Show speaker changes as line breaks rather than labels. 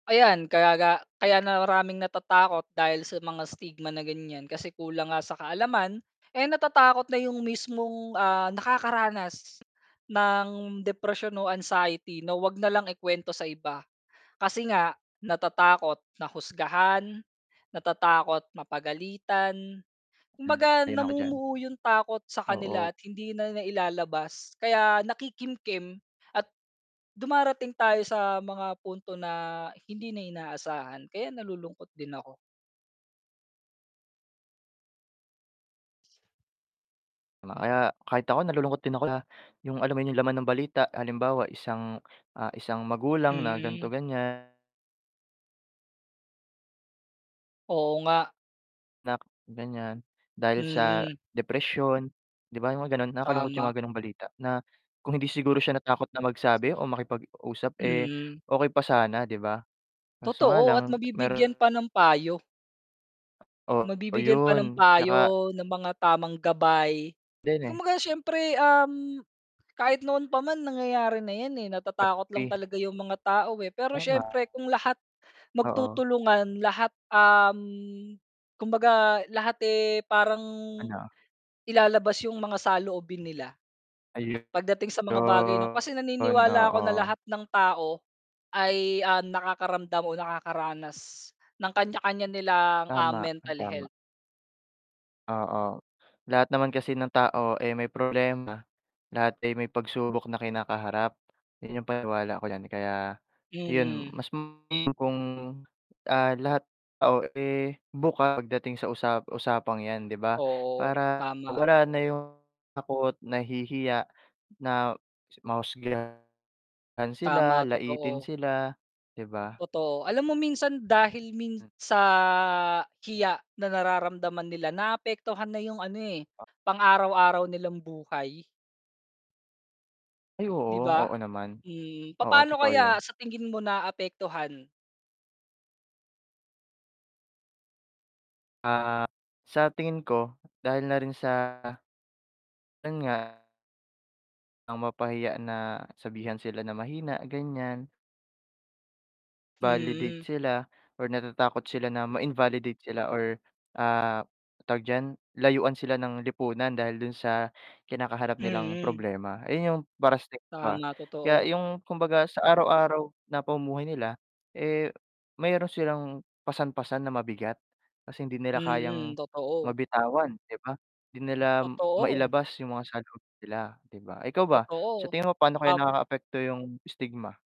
Ayan, kaya ga kaya maraming natatakot dahil sa mga stigma na ganyan, kasi kulang nga sa kaalaman, eh, natatakot na yung mismong, ah, nakakaranas ng depresyon o anxiety na 'wag nalang ikwento sa iba. Kasi nga natatakot na husgahan, natatakot mapagalitan.
Hmm,
Kumbaga
sang-ayon ako diyan.
namumuo yung takot sa kanila
Oo.
at hindi na nailalabas, kaya nakikimkim at dumarating tayo sa mga punto na hindi na inaasahan, kaya nalulungkot din ako.
Ma kaya kahit ako nalulungkot na yung alam mo yun yung laman ng balita halimbawa isang ah, isang magulang na ganito,
Mm.
ganyan.
Oo nga.
Nak ganyan. Dahil sa,
Mm.
depresyon, 'di ba yung ganon nakakalungkot yung
Tama.
mga ganong balita, na kung hindi siguro siya natakot na magsabi o makipag-usap eh,
Mm.
okey pa sana 'di ba? Kaso nga
Totoo at
lang
mabibigyan
mer
pa ng payo.
O,
Mabibigyan pa ng
ayun, 'tsaka
payo, ng mga tamang gabay.
Din eh.
Kumbaga siyempre, um, kahit noon pa man nangyayari na yan eh, natatakot lang
Api.
talaga yung mga tao eh, pero
Tama.
siyempre kung lahat
Oo.
magtutulungan lahat, um, kumbaga lahat eh, parang
Ano?
ilalabas yung mga saloobin nila,
Ayon,
pagdating sa mga bagay nung kasi naniniwala ako na
oo.
lahat ng tao, ay, ah, nakakaramdam o nakakaranas ng kanya-kanya nilang, ah,
Tama,
mental
tama.
health.
Oo, lahat naman kasi ng tao ay may problema, lahat ay may pagsubok na kinakaharap, yun yung paniwala ako diyan kaya, yun
Mm.
mas [unintelligible] kung, ah, lahat oh, eh bukas pagdating sa usa usapang yan 'di ba?
Oo,
Para
tama.
wala na yung takot nahihiya na mahusgahan sila,
Tama,
laitin
totoo.
sila 'di ba?
Totoo. Alam mo minsan dahil min
Hmm.
sa hiya na nararamdaman nila, naapektuhan na yung ano eh,
A
pang araw-araw nilang buhay.
Ay
'Di
oo,
ba?
oo naman.
Mhm.
Oo,
Papaano
totoo
kaya
yun.
sa tingin mo naapektuhan?
Ah, sa tingin ko dahil na rin sa, yun nga ang mapahiya na, sabihan sila na mahina, ganyan. Validate
Mhm.
sila or natatakot sila na ma-invalidate sila or, ah, tawag diyan, layuan sila ng lipunan dahil dun sa kinakaharap nilang
Mhm.
problema. Ayun yung para sa iba.
Tama,
Kaya
totoo.
yung kumbaga sa araw-araw na pamumuhay nila, eh meron silang pasan-pasan na mabigat, kasi hindi nila kayang
Mm, totoo.
mabitawan, 'di ba? Hindi nila
Totoo.
mailabas yung mga saloobin nila 'di ba? Ikaw ba? Sa
Totoo,
tingin mo, paano kaya
tap
nakakaapekto yung stigma?